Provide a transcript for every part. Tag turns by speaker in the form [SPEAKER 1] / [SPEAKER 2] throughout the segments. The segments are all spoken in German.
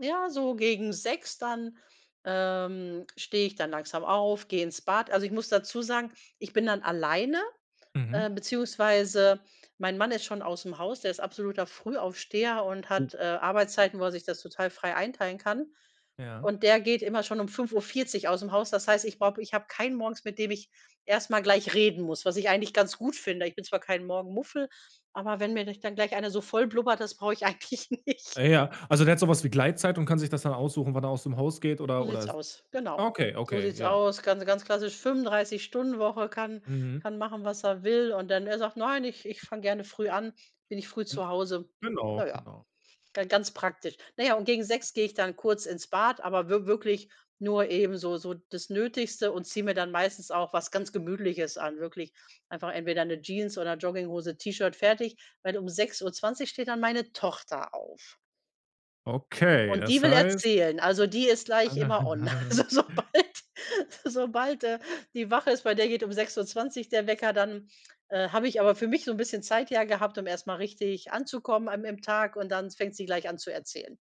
[SPEAKER 1] Ja, so gegen 6:00 dann, ähm, stehe ich dann langsam auf, gehe ins Bad also, ich muss dazu sagen, ich bin dann alleine,
[SPEAKER 2] Mhm.
[SPEAKER 1] äh, beziehungsweise mein Mann ist schon ausm Haus, der ist absoluter Frühaufsteher und
[SPEAKER 2] Oh.
[SPEAKER 1] hat, äh, Arbeitszeiten, wo er sich das total frei einteilen kann
[SPEAKER 2] Ja.
[SPEAKER 1] und der geht immer schon um 5:40 ausm Haus. Das heißt, ich brauche ich habe keinen morgens, mit dem ich erst mal gleich reden muss, was ich eigentlich ganz gut finde. Ich bin zwar kein Morgenmuffel, aber wenn mir [unintelligible] dann gleich einer so voll blubbert, das brauche ich eigentlich nicht.
[SPEAKER 2] Äh, ja, also der hat so was wie Gleitzeit und kann sich das dann aussuchen, wann er aus dem Haus geht
[SPEAKER 1] So
[SPEAKER 2] oder oder
[SPEAKER 1] sieht's
[SPEAKER 2] s
[SPEAKER 1] aus, genau.
[SPEAKER 2] okay,
[SPEAKER 1] So
[SPEAKER 2] okay,
[SPEAKER 1] sieht's
[SPEAKER 2] ja.
[SPEAKER 1] aus, ganz ganz klassisch 35- Stunden-Woche, kann
[SPEAKER 2] Mhm.
[SPEAKER 1] kann machen, was er will. Und dann er sagt: „Nein, ich ich fange gerne früh an, bin ich früh
[SPEAKER 2] M
[SPEAKER 1] zu Hause.“ Na
[SPEAKER 2] genau,
[SPEAKER 1] ja,
[SPEAKER 2] genau.
[SPEAKER 1] dann ganz praktisch. Na ja, und gegen 6:00 gehe ich dann kurz ins Bad, aber wi wirklich nur eben so so das Nötigste und ziehe mir dann meistens auch was ganz Gemütliches an, wirklich einfach entweder 'ne Jeans oder Jogginghose, T-Shirt, fertig. Weil um 6:20 steht dann meine Tochter auf.
[SPEAKER 2] Okay,
[SPEAKER 1] Und die
[SPEAKER 2] das
[SPEAKER 1] will
[SPEAKER 2] heißt
[SPEAKER 1] erzählen, also die ist gleich immer on. Also sobald sobald, äh, die wach ist bei der geht um 6:20 der Wecker, dann, äh, habe ich aber für mich so 'n bisschen Zeit ja gehabt, um erst mal richtig anzukommen an im Tag und dann fängt sie gleich an zu erzählen.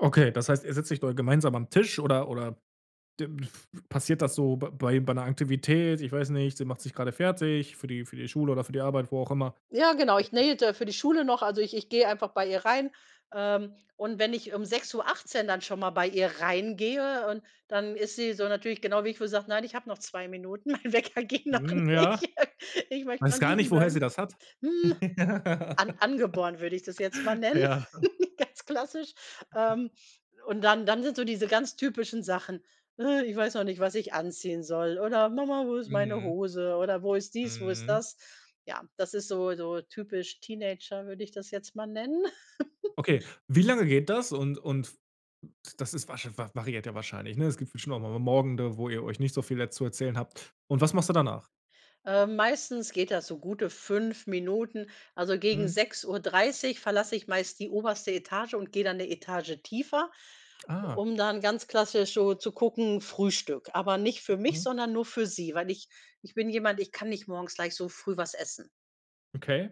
[SPEAKER 2] Okay, das heißt, ihr setzt euch dort gemeinsam am Tisch oder oder [unintelligible] passiert das so b bei bei 'ner Aktivität? Ich weiß nicht, sie macht sich gerade fertig für die für die Schule oder für die Arbeit, wo auch immer.
[SPEAKER 1] Ja, genau, ich
[SPEAKER 2] [unintelligible]
[SPEAKER 1] [unintelligible] für die Schule noch, also ich ich gehe einfach bei ihr rein, ähm, und wenn ich um 6:18 dann schon mal bei ihr reingehe und dann ist sie so natürlich genau wie ich, wo sie sagt: „Nein, habe noch 2 Minuten, mein Wecker ging noch
[SPEAKER 2] Hm, ja.
[SPEAKER 1] nicht. Ich möchte
[SPEAKER 2] Weiß
[SPEAKER 1] noch
[SPEAKER 2] gar nicht,
[SPEAKER 1] liegen
[SPEAKER 2] woher sie
[SPEAKER 1] bleiben.“
[SPEAKER 2] das hat.
[SPEAKER 1] Hm,
[SPEAKER 2] Ja.
[SPEAKER 1] an angeboren würde ich das jetzt mal nennen,
[SPEAKER 2] Ja.
[SPEAKER 1] ganz klassisch. Ähm, und dann dann sind so diese ganz typischen Sachen: „Ich weiß noch nicht, was ich anziehen soll,“ oder „Mama, wo ist meine
[SPEAKER 2] Mhm.
[SPEAKER 1] Hose?“ Oder: „Wo ist dies, wo ist
[SPEAKER 2] Mhm.
[SPEAKER 1] das?“ Ja, das ist so so, typisch Teenager, würde ich das jetzt mal nennen.
[SPEAKER 2] Okay. Wie lange geht das? Und und das ist wahrsche var variiert ja wahrscheinlich, ne? Es gibt bestimmt auch noch mal Morgende, wo ihr euch nicht so viel jetzt zu erzählen habt und was machst du danach?
[SPEAKER 1] Ähm, meistens geht das so gute 5 Minuten. Also gegen
[SPEAKER 2] Mhm.
[SPEAKER 1] 6:30 verlasse ich meist die oberste Etage und gehe dann 'ne Etage tiefer,
[SPEAKER 2] Ah.
[SPEAKER 1] um dann ganz klassisch so zu gucken: Frühstück. Aber nicht für mich,
[SPEAKER 2] Mhm.
[SPEAKER 1] sondern nur für sie, weil ich ich bin jemand, ich kann nicht morgens gleich so früh was essen.
[SPEAKER 2] Okay.